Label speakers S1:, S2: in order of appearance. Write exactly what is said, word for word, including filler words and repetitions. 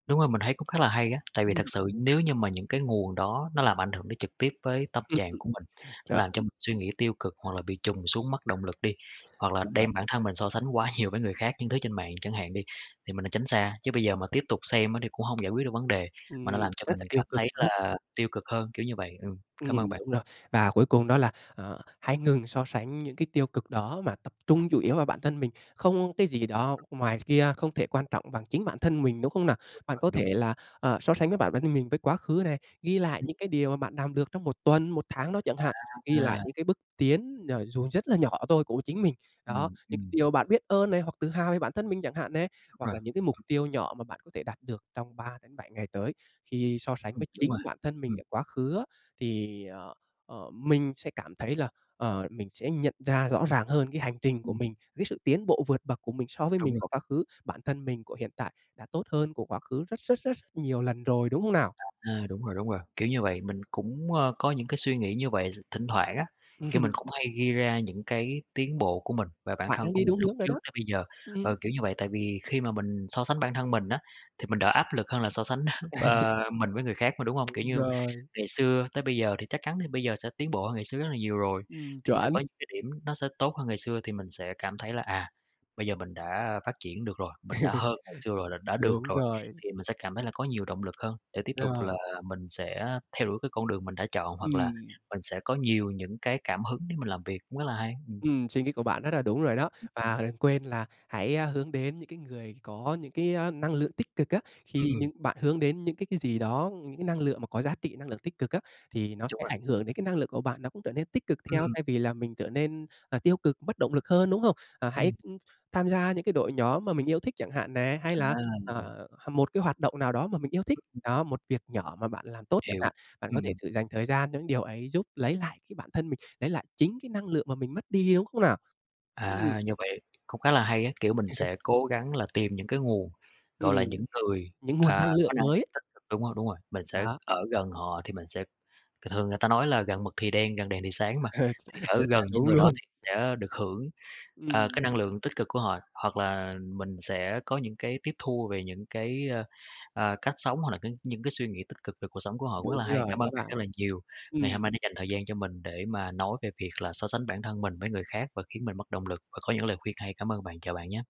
S1: Đúng rồi, mình thấy cũng khá là hay á! Tại vì thật
S2: Ừm.
S1: sự nếu như mà những cái nguồn đó, nó làm ảnh hưởng đến trực tiếp với tâm
S2: Ừm,
S1: trạng
S2: ừm.
S1: của mình, nó làm cho
S2: [unintelligible]
S1: mình suy nghĩ tiêu cực, hoặc là bị trùng xuống mất động lực đi, hoặc là
S2: Trời ơi.
S1: đem bản thân mình so sánh quá nhiều với người khác, những thứ trên mạng chẳng hạn đi, thì mình nên tránh xa. Chứ bây giờ mà tiếp tục xem á thì cũng không giải quyết được vấn đề, mà
S2: Ừm.
S1: nó làm cho
S2: Rất
S1: mình
S2: là tiêu
S1: cảm
S2: cực
S1: thấy
S2: luôn ấy!
S1: là tiêu cực hơn, kiểu như vậy, ừ.
S2: Ừm,
S1: Cám ơn bạn!
S2: đúng rồi. Và cuối cùng đó là, ờ, hãy ngừng so sánh những cái tiêu cực đó mà tập trung chủ yếu vào bản thân mình. Không cái gì đó ngoài kia không thể quan trọng bằng chính bản thân mình, đúng không nào?
S1: Đúng
S2: Bạn
S1: rồi,
S2: có
S1: đúng.
S2: thể là, ờ, so sánh với bản thân mình với quá khứ này, ghi lại
S1: Ừm.
S2: những cái điều mà bạn làm được trong một tuần, một tháng đó chẳng hạn, ghi
S1: À,
S2: lại
S1: a!
S2: những cái bước tiến, ờ, dù rất là nhỏ thôi của chính mình. Đó,
S1: Ừm.
S2: những cái
S1: Ừm.
S2: điều mà bạn biết ơn này, hoặc tự hào với bản thân mình chẳng hạn này,
S1: Đúng
S2: hoặc
S1: rồi.
S2: là những cái mục tiêu nhỏ mà bạn có thể đạt được trong ba đến bảy ngày tới, khi so sánh
S1: Ừm,
S2: với
S1: đúng rồi.
S2: chính bản thân mình
S1: Ừm.
S2: ở quá khứ á, thì, ờ, ờ, mình sẽ cảm thấy là, ờ, mình sẽ nhận ra rõ ràng hơn cái hành trình của
S1: Ừm.
S2: mình, cái sự tiến bộ vượt bậc của mình so với
S1: Đúng
S2: mình
S1: rồi.
S2: của quá khứ, bản thân mình của hiện tại đã tốt hơn của quá khứ rất rất rất nhiều lần rồi, đúng không nào?
S1: À, đúng rồi, đúng rồi, kiểu như vậy. Mình cũng, ơ, có những cái suy nghĩ như vậy. Thỉnh thoảng á, kiểu, mình cũng hay ghi ra những cái tiến bộ của mình và bản
S2: Bạn
S1: thân
S2: đang
S1: của
S2: đi
S1: mình
S2: đúng
S1: lúc
S2: hướng rồi
S1: trước
S2: đó.
S1: tới bây giờ,
S2: Ừm.
S1: ờ, kiểu như vậy, tại vì khi mà mình so sánh bản thân mình á thì mình đỡ áp lực hơn là so sánh, ờ, mình với người khác mà, đúng không? Kiểu
S2: Đúng
S1: như
S2: rồi.
S1: ngày xưa tới bây giờ thì chắc chắn bây giờ sẽ tiến bộ hơn ngày xưa rất là nhiều rồi,
S2: Ừm,
S1: thì sẽ
S2: chuẩn!
S1: có những cái điểm nó sẽ tốt hơn ngày xưa, thì mình sẽ cảm thấy là, à, bây giờ mình đã, a, phát triển được rồi, mình đã hơn ngày xưa rồi, là đã được
S2: Đúng
S1: rồi.
S2: rồi.
S1: Thì mình sẽ cảm thấy là có nhiều động lực hơn để tiếp tục
S2: Rồi.
S1: là mình sẽ theo đuổi cái con đường mình đã chọn, hoặc là
S2: Ừm.
S1: mình sẽ có nhiều những cái cảm hứng để mình làm việc. Cũng rất là hay, ừm.
S2: Ừm, suy nghĩ của bạn rất là đúng rồi đó. Và đừng quên là hãy, a, hướng đến những cái người có những cái, ơ, năng lượng tích cực á,
S1: Ừm,
S2: khi những
S1: ừm.
S2: bạn hướng đến những cái cái gì đó, những cái năng lượng mà có giá trị năng lượng tích cực á, thì nó
S1: Đúng
S2: sẽ
S1: rồi.
S2: ảnh hưởng đến cái năng lượng của bạn, nó cũng trở nên tích cực theo
S1: Ừm.
S2: thay vì là mình trở nên, ờ, tiêu cực mất bất động lực hơn, đúng không? Ờ, hãy,
S1: Ừm.
S2: ưm, tham gia những cái đội nhóm mà mình yêu thích chẳng hạn nè, hay
S1: À,
S2: là, à,
S1: hiểu.
S2: một cái hoạt động nào đó mà mình yêu thích, đó, một việc nhỏ mà bạn làm tốt chẳng
S1: Hiểu.
S2: hạn. Bạn
S1: Ừm,
S2: có thể
S1: ừm.
S2: dành thời gian cho những điều ấy giúp lấy lại cái bản thân mình, lấy lại chính cái năng lượng mà mình mất đi, đúng không nào? Ừm.
S1: À, như vậy cũng khá là hay á! Kiểu mình sẽ cố gắng là tìm những cái nguồn, gọi là,
S2: Ừm,
S1: những người,
S2: những nguồn
S1: à,
S2: năng
S1: có
S2: lượng
S1: năng lượng
S2: mới.
S1: tích cực. Đúng rồi, đúng rồi, mình sẽ
S2: Đó.
S1: ở gần họ thì mình sẽ thường thường người ta nói là gần mực thì đen, gần đèn thì sáng mà, thì ở
S2: Rất là
S1: gần những
S2: đúng
S1: người đó
S2: luôn!
S1: thì sẽ được hưởng, ờ, cái
S2: Ừm.
S1: năng lượng tích cực của họ, hoặc là mình sẽ có những cái tiếp thu về những cái, ơ, ờ, cách sống, hoặc là cái những cái suy nghĩ tích cực về cuộc sống của họ cũng rất
S2: Đúng
S1: là hay.
S2: rồi
S1: Cảm ơn
S2: đó
S1: bạn
S2: bạn.
S1: rất là nhiều. Ngày hôm nay
S2: Ừm.
S1: đã dành thời gian cho mình để mà nói về việc là so sánh bản thân mình với người khác và khiến mình mất động lực và có những lời khuyên hay. Cảm ơn bạn, chào bạn nhá!